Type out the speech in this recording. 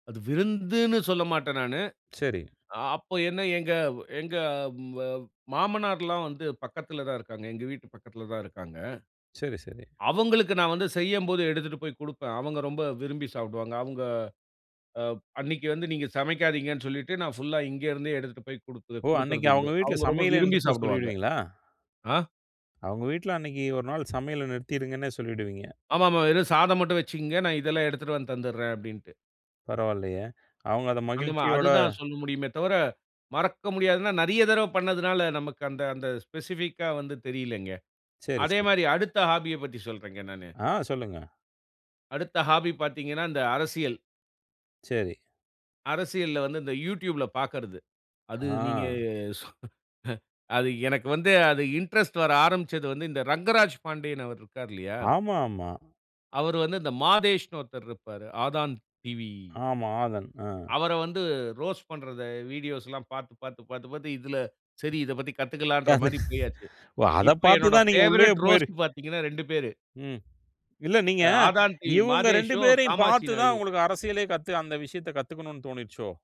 அது விருந்துனு சொல்லமாட்டேன் நானு. சரி. அப்போ என்ன எங்க, எங்க மாமனார்லாம் வந்து பக்கத்தில தான் இருக்காங்க. எங்க வீட்டு பக்கத்தில தான் இருக்காங்க. சரி, சரி. அவங்களுக்கு நான் வந்து செய்யும்போது எடுத்துட்டு போய் குடுப்பேன். அவங்க ரொம்ப விரும்பி சாப்பிடுவாங்க. அவங்க அ அன்னைக்கு வந்து, "நீங்க சமைக்காதீங்கனு சொல்லிட்டு" நான் புல்லா இங்க இருந்தே எடுத்துட்டு போய் குடுக்க ஓ! அன்னைக்கு குடுக்கறதுண்டு. அவங்க வீட்ல அவங்க ரொம்ப சமையலே விரும்பி நிறுத்த சாப்பிடுவாங்க. சொல்லிருவீங்களா? ஆ. அவங்க வீட்ல அன்னைக்கு "ஒரு நாள் சமையல நிறுத்திடுங்கனே" சொல்லிடுவீங்க. ஆமாமா. "வெறும் சாதம் மட்டும் வெச்சுக்கங்க. நான் இதெல்லாம் எடுத்துட்டு வந்து தந்துட்றேன்" அப்படின்டு. பரவாயில்லையே, அவங்க அத அந்த மா மகிழ்ச்சியோட அது தான் சொல்ல முடியுமே தவர, மறக்க முடியாதுனா நெறைய தடவ பண்ணியதனால நமக்கு அந்த, அந்த ஸ்பெசிபிக்கா வந்து தெரியலங்க. சரி, அதே சரி. மாரி அடுத்த ஹாபிய பத்தி சொல்றேங்க நானு. ஆ, சொல்லுங்க. அடுத்த ஹாபி பார்த்தீங்கனா, இந்த அரசியல். சரி. அரசியல்ல வந்து இந்த Youtube ல பாக்கர்ரது. அது நீங்க ஆ. அது எனக்கு வந்து, அது இன்ட்ரெஸ்ட் வர ஆரம்பிச்சது வந்து, இந்த ரங்கராஜ் பாண்டியன் அவர் இருக்கார் இல்லையா? ஆமா, ஆமா. அவர் வந்து இந்த மாதேஷ்னு ஒருத்தர் இருப்பாரு. ஆதான் டிவி. ஆமா, ஆதன். ஆ. அவர வந்து ரோஸ்ட் பண்றத வீடியோஸ்லாம் பார்த்து, பார்த்து, பார்த்து, பார்த்து இதில சரி இத பத்தி கத்துக்கலாங்கிற அது மாரி போய்யாச்சு. ஓ! இப்ப பார்த்து என்னுடைய தான் நீங்க உள்ளயே பேவரைட் போயிரு ரோஸ்ட் பார்த்தீங்கனா 2 பேரு. ம். இல்ல, நீங்க இந்த ஆதான் டிவி இவங்க 2 மாதேஷும், பேரையும் காமாட்சி பார்த்து தான் நாயுடும். உங்களுக்கு அரசியலே கத்துக அந்த விஷயத்த கத்துக்கணும்னு தோணுச்சோ.